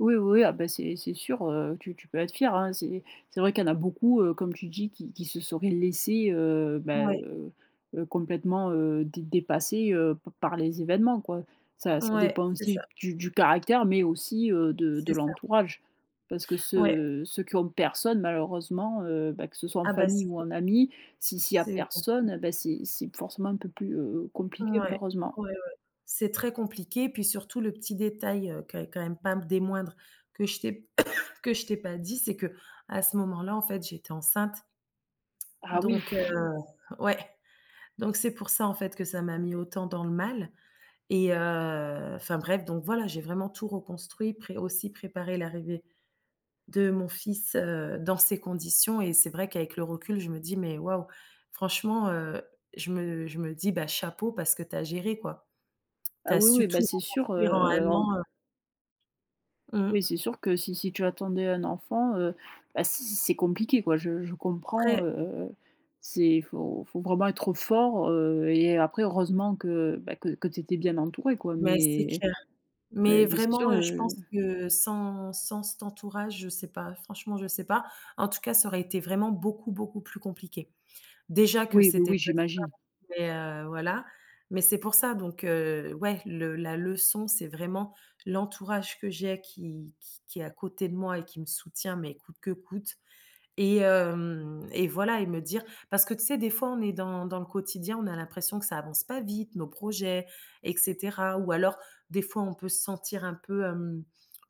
Oui, oui, ah bah, c'est c'est sûr, heu, que tu tu peux être fière, hein. C'est c'est vrai qu'il y en a beaucoup, heu, comme tu dis qui qui se seraient laissés, heu, bah, Ouais. heu, heu, complètement, heu, dé dépasser, heu, p par les événements, quoi. Ça ça Ouais, dépend c'est ça. aussi du du caractère, mais aussi, heu, de de C'est ça. l'entourage. Parce que Ouais. ceux ceux qui ont personne, malheureusement, heu, bah, que ce soit en Ah bah, famille c'est ou com en amis, si s'il y a c'est personne, compliqué. et bah c'est c'est forcément un peu plus, heu, compliqué, Mouais. malheureusement. Ouais, ouais, c'est très compliqué, puis surtout le petit détail, heu, que qui est quand même pas m des moindres, que je t'ai que je t'ai pas dit, c'est qu'à ce moment-là, en fait, j'étais enceinte Ah oui! donc, heu, ouais! Donc, c'est pour ça, en fait, que ça m'a mis autant dans le mal et, heu enfin bref, donc voilà, j'ai vraiment tout reconstruit, pré aussi préparé l'arrivée de mon fils, heu, dans ces conditions et c'est vrai qu'avec le recul, je me dis: «Mais waouh, franchement!», heu, je me je me dis: «Bah chapeau, parce que tu as géré, quoi. Tu Ah as oui, oui, su bah, tout c'est sûr, reconstruire en heu, 1 en an», heu Oui, Mmh. c'est sûr que si si tu attendais un enfant, heu, bah c c'est compliqué, quoi, je je comprends, Très heu heu heu, c'est faut faut vraiment être fort, heu, et après heureusement que, bah que que tu étais bien entourée, quoi. Mais c'est Mais, clair. heu, Mais mais, c'est sûr, vraiment, heu, je pense heu que sans sans cet entourage je sais pas, franchement, je sais pas. En tout cas, ça aurait été vraiment beaucoup, beaucoup plus compliqué. Déjà que Oui, oui, c'était oui, pas j'imagine. simple mais, heu, voilà, mais c'est pour ça donc, heu, ouais, le la leçon, c'est vraiment l'entourage que j'ai qui qui qui est à côté de moi et qui me soutient mais coûte que coûte et, hem, et voilà, et me dire parce que tu sais, des fois, on est dans dans le quotidien, on a l'impression que ça avance pas vite, nos projets, et cetera. Ou alors, des fois, on peut se sentir un peu, hem,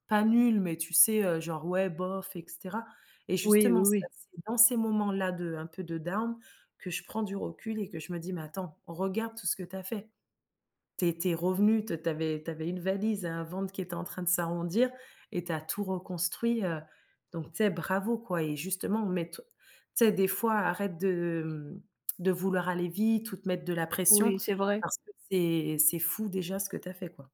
pas nul mais tu sais, heu, genre, ouais, bof, et cetera. Et Oui, oui, justement, c'est [unintelligible] oui. c'est dans ces moments-là de, un peu de down, que je prends du recul et que je me dis: «Mais attends, regarde tout ce que tu as fait. Tu es tu es revenue, t tu avais tu avais une valise et un ventre qui était en train de s'arrondir, et tu as tout reconstruit, heu, donc tu sais, bravo, quoi, et justement mais t tu sais des fois arrête de, mmh, de vouloir aller vite ou te mettre de la pression Oui, c'est vrai. parce que c'est, c'est fou déjà ce que tu as fait, quoi.».